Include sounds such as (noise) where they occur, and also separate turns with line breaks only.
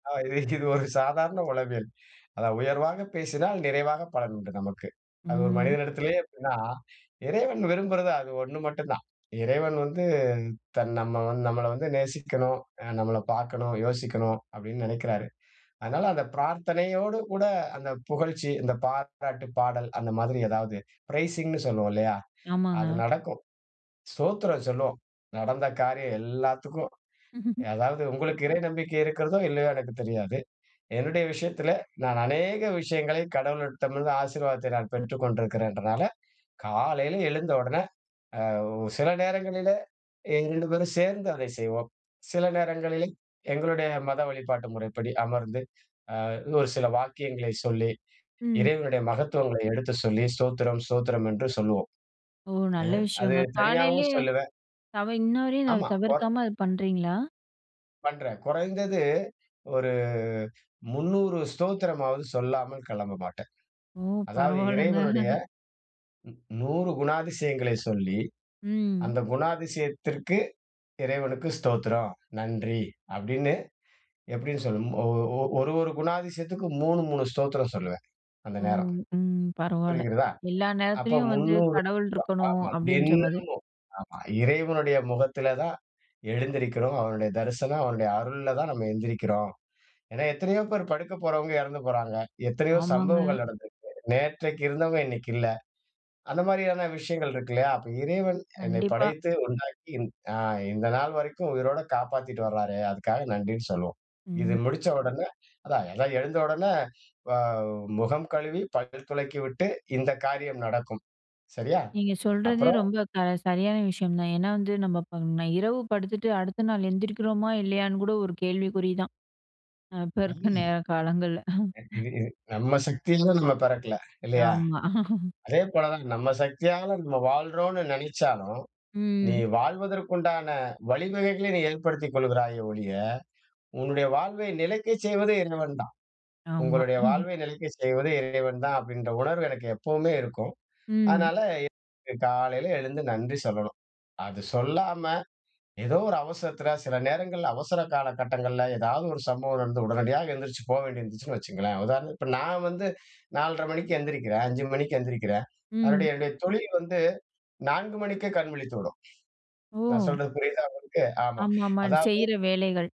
ஆ இதை இது ஒரு சாதாரண உளவியல் அதாவது "உயர்வாக பேசினால் நிறைவாக பலன் உண்டு" நமக்கு. அது 1
ம்.
மனிதனிடத்திலேயே அப்டினா இறைவன் விரும்புறது அது 1 மட்டும் தான். இறைவன் வந்து தன் நம்ம நம்மல வந்து நேசிக்கனும். ஆ நம்மல பார்க்கனும், யோசிக்கனும் அப்டினு நெனைக்கிறாரு. அதனால அந்த பிரார்த்தனையோடு கூட அந்த புகழ்ச்சி, அந்த பாராட்டு பாடல் அந்த மாதிரி ஏதாவது பிரைசிங்னு சொல்வோம் இல்லையா? அது
ஆமாங்க.
நடக்கும். "ஸ்தோத்திரம்" சொல்லுவோம். நடந்த காரியம் எல்லாத்துக்கும்.
(laughs)
அதாவது உங்களுக்கு இறை நம்பிக்கை இருக்கிறதோ! இல்லையோ! எனக்குத் தெரியாது. என்னுடைய விஷயத்தில நான் அநேக விஷயங்களை கடவுளிடமிருந்து ஆசீர்வாதத்தை நான் பெற்றுக்கொண்டிருக்கிறேங்னால காலையில எழுந்த உடனே ஆ சில நேரங்களிலே 2 பேரும் சேர்ந்து அதை செய்வோம். சில நேரங்களிலே எங்களுடைய மத வழிபாட்டு முறைப்படி அமர்ந்து ஆ 1 சில வாக்கியங்களை சொல்லி
ம்.
இறைவனுடைய மகத்துவங்களை எடுத்துச் சொல்லி "ஸ்தோத்திரம், ஸ்தோத்திரம்" என்று சொல்வோம்.
ஓ!
அ
நல்ல
அது
விஷயங்க.
தனியாகவும்
காலையிலேயே
சொல்லுவேன்.
தவ இன்னவரையும்
ஆமா. ஓர்
தவிர்க்காம அத பண்றீங்களா?
பண்றேன். கொறைந்தது ஒரு 300 ஸ்தோத்திரமாவது சொல்லாமல் கிளம்ப மாட்டேன்.
ஓ!
அதாவது
பரவாலங்க.
இறைவனுடைய
(chuckles)
100 குணாதிசயங்களை சொல்லி
ம்.
அந்த குணாதிசயத்திற்கு இறைவனுக்கு "ஸ்தோத்திரம், நன்றி" அப்டினு எப்டினு சொல்லும் ஒரு ஒரு குணாதிசயத்துககு 3 3 "ஸ்தோத்திரம்" சொல்லுவேன். அந்த
ஓ!
நேரம்.
ம். பரவால!
புரிகிறதா?
எல்லா
அப்ப
நேரத்திலயும் வந்து
300
கடவுள் இருக்கணும்
ஆமா
அப்டின்ற மாதிரி.
தினமும் ஆமா இறைவனுடைய முகத்தில தான் எழுந்திருக்கிறோம். அவனுடைய தரிசனம், அவனுடைய அருள்ல தான் நம்ம எழுந்திரிக்கிறோம். ஏனா எத்தனையோ பேர் படுக்க போறவங்க இறந்து போறாங்க. எத்தனையோ
ஆமாங்க.
சம்பவங்கள் நடந்துருக்கு. நேற்றைக்கு இருந்தவங்க இன்னைக்கு இல்ல. அந்த மாதிரியான விஷயங்கள் இருக்கில்லயா? அப்ப இறைவன் என்னை
கண்டிப்பா.
படைத்து உண்டாக்கி ஆ இந்த நாள் வரைக்கும் உயிரோட காப்பாத்திட்டு வறாரே. அதுக்காக நன்றினு சொல்வோம். இது
ம்.
முடிச்ச உடனே அதா அதா எழுந்த உடனே வ முகம் கழுவி, பல் துலக்கிவிட்டு இந்த காரியம் நடக்கும். சரியா?
நீங்க சொல்றதே
அப்புறம்
ரொம்ப க சரியான விஷயம் தான். ஏனா வந்து நம்ம இப்ப நான் இரவு படுத்துட்டு அடுத்த நாள் எழுந்திரிக்கிறோமா? இல்லையான்னு கூட ஒரு கேள்விக்குறி தான் இப்ப இருக்க
அம்.
நேர காலங்கள்ல
இது இது நம்ம சக்தில நம்ம பெறக்கல இல்லையா?
ஆமா. (chuckles)
அதே போல தான் நம்ம சக்தியால நம்ம வாழறோம்னு நெனச்சாலும் நீ
ம்.
வாழ்வதற்கு உண்டான வழிவகைகளை நீ ஏற்படுத்திக் கொள்கிறாயே ஒழிய, உன்னுடைய வாழ்வை நிலைக்கச் செய்வது இறைவன் தான்.
ஆமா.
உங்களுடைய
(chuckles)
வாழ்வை நிலைக்கச் செய்வது இறைவன் தான் அப்டின்ற உணர்வு எனக்கு எப்பவுமே இருக்கும்.
ம்.
அதனால காலையில எழுந்து நன்றி சொல்லணும். அது சொல்லாம ஏதோ 1 அவசரத்தில சில நேரங்கள்ள அவசர காலகட்டங்கள்ல ஏதாவது 1 சம்பவம் நடந்து உடனடியாக எழுந்திரிச்சு போ வேண்டியது இருந்துச்சுன்னு வச்சுங்களேன், உதாரணத்துக்கு இப்ப நான் வந்து 4:30 மணிக்கு எந்திரிக்கிறேன் 5 மணிக்கு எந்திரிக்கிறேன்.
ம்.
அதனுடைய என்னுடைய தொழில் வந்து 4 மணிக்கே கண் விழித்துவிடும். நான்
ஓ!
சொல்றது புரியுதா உங்களுக்கு? ஆமா.
ஆமாமா,
அதாவது
செய்ற வேலைகள்.